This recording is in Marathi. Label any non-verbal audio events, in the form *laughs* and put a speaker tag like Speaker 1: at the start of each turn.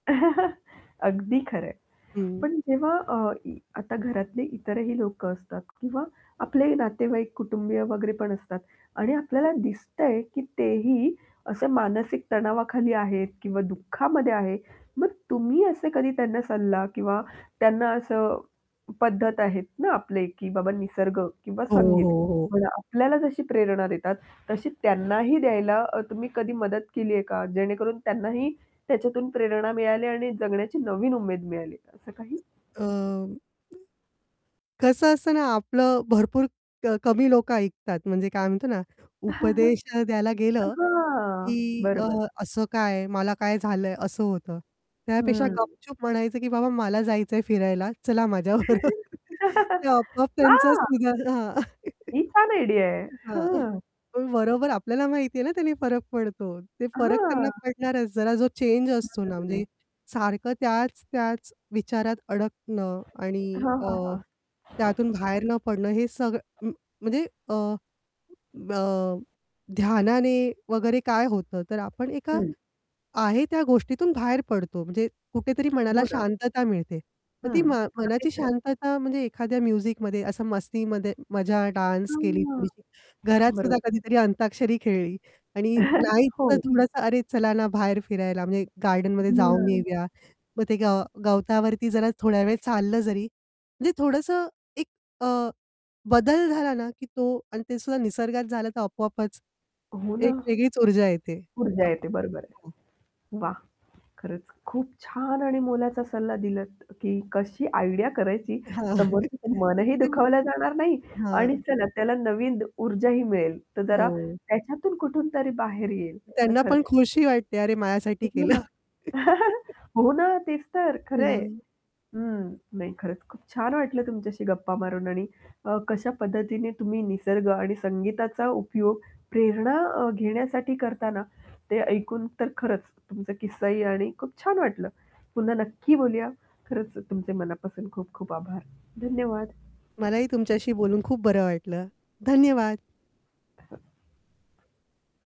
Speaker 1: *chuckles* अगदी खरं आहे,
Speaker 2: हं.
Speaker 1: पण जेव्हा अ, इ आता घरातले इतरही लोकं असतात किंवा आपले नातेवाईक कुटुंबीय वगैरे पण असतात आणि आपल्याला दिसतंय की ते ही असे मानसिक तणावाखाली आहेत किंवा दुःखामध्ये आहे, मग तुम्ही असे कधी त्यांना सल्ला किंवा त्यांना असं पद्धत आहेत ना, आपले की बाबा निसर्ग किंवा
Speaker 2: हो,
Speaker 1: संगीत
Speaker 2: हो, हो.
Speaker 1: म्हणा आपल्याला जशी प्रेरणा देतात, तशी त्यांनाही द्यायला अ, तुम्ही कधी मदत केली आहे का? जेणेकरून त्यांनाही त्याच्यातून प्रेरणा मिळाली आणि जगण्याची नवीन उमेद मिळाली आहे का, असं काही?
Speaker 2: अं, कसं असतं ना, आपलं भरपूर क कमी लोक ऐकतात, म्हणजे काय म्हणतो ना, उपदेश अ, द्यायला
Speaker 1: *chuckles*
Speaker 2: गेलं
Speaker 1: हां,
Speaker 2: की अ,
Speaker 1: बरोबर.
Speaker 2: "असं काय? मला काय झालंय?" असं होतं. त्यापेक्षा
Speaker 1: हं.
Speaker 2: गपचूप म्हणायचं की "बाबा मला जायचंय फिरायला, चला माझ्याबरोबर." *chuckles* ते
Speaker 1: *chuckles*
Speaker 2: आपोआप
Speaker 1: *laughs*
Speaker 2: त्यांचा
Speaker 1: हां.
Speaker 2: सुधार हां. *chuckles*
Speaker 1: ही छान आयडिया आहे!
Speaker 2: हां. *chuckles*
Speaker 1: हां.
Speaker 2: पण बरोबर आपल्याला माहिती आहे ना, त्याने फरक पडतो. ते फरक त्यांना
Speaker 1: हां.
Speaker 2: पडणारच. जरा जो चेंज असतो ना,
Speaker 1: हं.
Speaker 2: म्हणजे सारखं त्याच-त्याच विचारात अडकणं आणि
Speaker 1: हां,
Speaker 2: अ,
Speaker 1: हां, हां.
Speaker 2: त्यातून बाहेर न पडणं हे सग म म्हणजे अ, अ, ध्यानाने वगैरे काय होतं, तर आपण एका
Speaker 1: हं.
Speaker 2: आहे त्या गोष्टीतून बाहेर पडतो, म्हणजे कुठेतरी मनाला
Speaker 1: हो ना.
Speaker 2: शांतता मिळते. मग ती
Speaker 1: हं.
Speaker 2: मा
Speaker 1: अगदी
Speaker 2: मनाची
Speaker 1: खरं.
Speaker 2: शांतता म्हणजे एखाद्या म्युझिकमध्ये असं मस्तीमध्ये मजा डान्स केली
Speaker 1: हां.
Speaker 2: थोडीशी, घरात सुद्धा
Speaker 1: बरोबर.
Speaker 2: कधीतरी अंताक्षरी खेळली आणि
Speaker 1: *chuckles*
Speaker 2: नाहीच तर
Speaker 1: हो.
Speaker 2: थोडंसं, "अरे चला ना, बाहेर फिरायला, म्हणजे गार्डनमध्ये
Speaker 1: हं.
Speaker 2: जाऊन येऊया!" मग ते गव गवतावरती जरा थोड्यावेळ चाललं जरी म्हणजे थोडंसं एक अ, बदल झाला ना, की तो आणि ते सुद्धा निसर्गात झालं तर आपोआपच
Speaker 1: हो ना.
Speaker 2: एक वेगळीच ऊर्जा येते.
Speaker 1: ऊर्जा
Speaker 2: आप
Speaker 1: येते, बरोबर आहे.
Speaker 2: हो.
Speaker 1: वाह! खरंच खूप छान आणि मोलाचा सल्ला दिलात की कशी आयडिया करायची,
Speaker 2: हां. *chuckles*
Speaker 1: समोरच्याचं मनही
Speaker 2: ते
Speaker 1: दुखावल्या जाणार नाही
Speaker 2: हां.
Speaker 1: आणि
Speaker 2: *snorts*
Speaker 1: चला त्याला नवीन द ऊर्जाही मिळेल, तर जरा
Speaker 2: हो.
Speaker 1: त्याच्यातून कुठून तरी बाहेर येईल. तर
Speaker 2: त्यांना
Speaker 1: खरंच
Speaker 2: पण खुशी वाटते, "अरे माझ्यासाठी
Speaker 1: हो
Speaker 2: केलं."
Speaker 1: ना. *chuckles*
Speaker 2: *laughs*
Speaker 1: हो ना, तेच तर. खरंय.
Speaker 2: हां.
Speaker 1: हं, नाही खरंच, खूप छान वाटलं तुमच्याशी गप्पा मारून आणि अ, कशा पद्धतीने तुम्ही निसर्ग आणि संगीताचा उपयोग प्रेरणा अ, घेण्यासाठी करता ना, ते ऐकून तर खरंच तुमचा किस्सा ही आणि खूप छान वाटलं. पुन्हा नक्की बोलूया. खरंच अ, तुमचे मनापासून खूप खूप आभार. धन्यवाद.
Speaker 2: मलाही तुमच्याशी बोलून खूप बरं वाटलं. धन्यवाद.